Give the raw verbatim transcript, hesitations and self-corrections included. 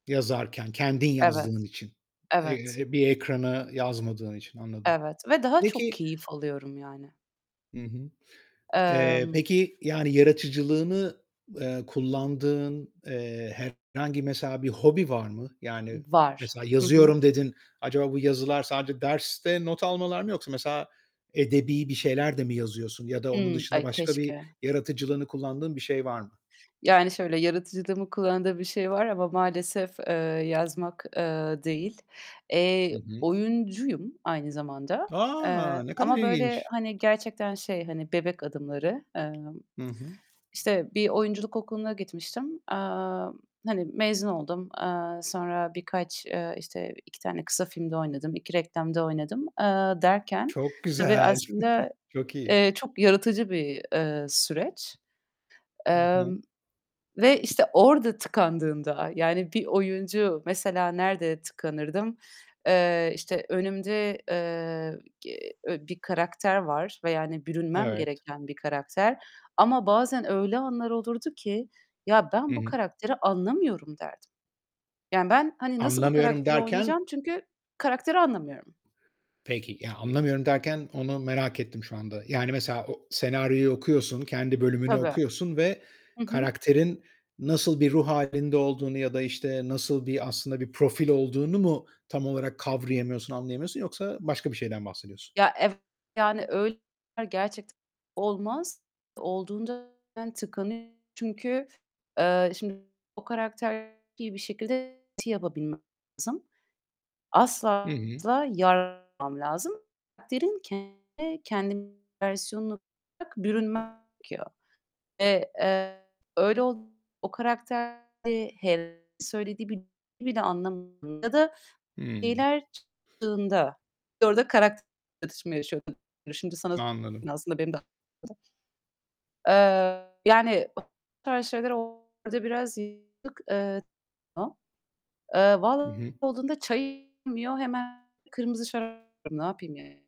Yazarken kendin yazdığın Evet. için, Evet. eee, bir ekrana yazmadığın için. Anladım. Evet ve daha çok Peki keyif alıyorum yani. Hı hı. Eee, Emm peki yani yaratıcılığını, eee, kullandığın, eee, herhangi mesela bir hobi var mı? Yani, I var. mesela, Hı hı. "Yazıyorum." dedin. Acaba bu yazılar sadece derste not almalar mı yoksa mesela edebî bir şeyler de mi yazıyorsun? Ya da onun Hımm, dışında ay başka bir keşke. yaratıcılığını kullandığın bir şey var mı? Yani şöyle yaratıcılığımı kullandığım bir şey var ama maalesef, eee, yazmak, eee, değil. Hı Eee, hı. oyuncuyum aynı zamanda. A! Eee, Ne kadar ama böyle, ilginç! hani, gerçekten şey hani bebek adımları. Emm, Hı hı. işte bir oyunculuk okuluna gitmiştim, eee, hani, mezun oldum. Eee, sonra birkaç, eee, işte, iki tane kısa filmde oynadım, iki reklamda oynadım, eee, derken Çok tabii güzel. aslında, Çok iyi. eee, çok yaratıcı bir, eee, süreç. Hı Emm, hı. ve işte orada tıkandığımda, yani, bir oyuncu Mesela nerede tıkanırdım? Eee, işte önümde, eee, ge e bir karakter var ve yani bürünmem Evet. gereken bir karakter. Ama bazen öyle anlar olurdu ki; "Ya, ben Hı bu hı. karakteri anlamıyorum." derdim. Yani ben, hani, "Nasıl bu "Anlamıyorum." karakteri derken? oynayacağım?" Çünkü karakteri anlamıyorum. Peki, ya, "Anlamıyorum." derken onu merak ettim şu anda. Yani mesela o senaryoyu okuyorsun, kendi bölümünü Tabii. okuyorsun ve Hı hı. karakterin nasıl bir ruh hâlinde olduğunu ya da, işte, nasıl bir aslında bir profil olduğunu mu tam olarak kavrayamıyorsun, anlayamıyorsun yoksa başka bir şeyden bahsediyorsun? Ya, evet, yani, öy gerçekten olmaz. Olduğunda ben tıkanıyorum. Çünkü, eee, şimdi, o karakteri bir şekilde ti yapabilmem lazım. Hı Asla hı. asla lazım. Karakterin kendine -kendi versiyonunu bırak bürünmem gerekiyor. Eee, eee, öyle ol o karakterde he söylediği bir cümleyi bile anlamadığımda da Hımm. şeyler çıktığında orada karakter çatışması yaşıyorum. Şimdi sana Anladım. aslında benim de aklımda Eee, yani, o tarz şeyler olduğunda birazcık, eee, eee, Hı vallahi hı. olduğunda çay iç Hemen kırmızı şarap. Ne yapayım yani?